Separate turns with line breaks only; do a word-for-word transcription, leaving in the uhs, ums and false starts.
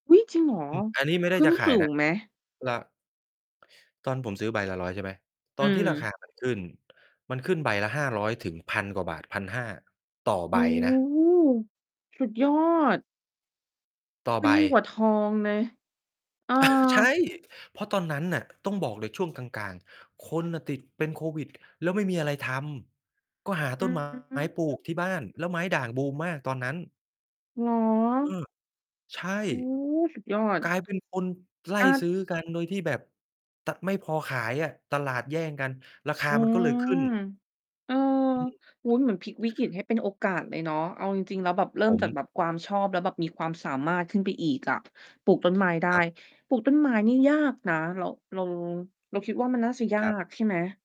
อุ๊ย จริงเหรอ
อืม อันนี้ไม่ได
ข
้
ึ้
จ
น
ะข
ส
าย
ู
นะ
งไหม?
ก็ ตอนผมซื้อใบละ ร้อย ใช่ไหม
อ
ต
ื
อนที่ราค
ม
า มัน ขึ้น มันขึ้นใบละ ห้าร้อย ถึง พัน กว่าบาท พันห้า ต่อ
โ
ใ
อ
บ
้
นะ
สุดยอด
ต่อ
ขึ
ใ
้
บ
นยิ่งกว่าทองเลย เออ
ใช่ เพราะตอนนั้นน่ะ ต้องบอกเลยช่วงกลาง ๆ คนน่ะติดเป็นโควิด แล้วไม่มีอะไรทำ ก็หา
อ
ต
ื
้น ไม้ ปลูกที
ม
่บ้านแล้วไม้ด่างบูมมากตอนนั้น
เหร
เอ
อ?
อ ใช่
โอ้ สุดยอด
กลายเป็นคนไล่
อา
ซื้อกันโดยที่แบบ ต ไม่พอขายอะ ตลาดแย่งกัน ราคา
อื
มันก็
ม
เลยขึ้น
เออ
อืม
โอ้โฮ เหมือนพลิกวิกฤตให้เป็นโอกาสเลยเนาะ เอาจริง ๆ แล้วแบบเริ่
ผ
มจากแบ
ม
บความชอบแล้วแบบมีความสามารถขึ้นไปอีกอะ ปลูกต้นไม้ได้
ครับ
ปลูกต้นไม้นี้ยากนะ เรา เรา เราคิดว่า มันน่าจะยา
ครับ
กใช่ไหม?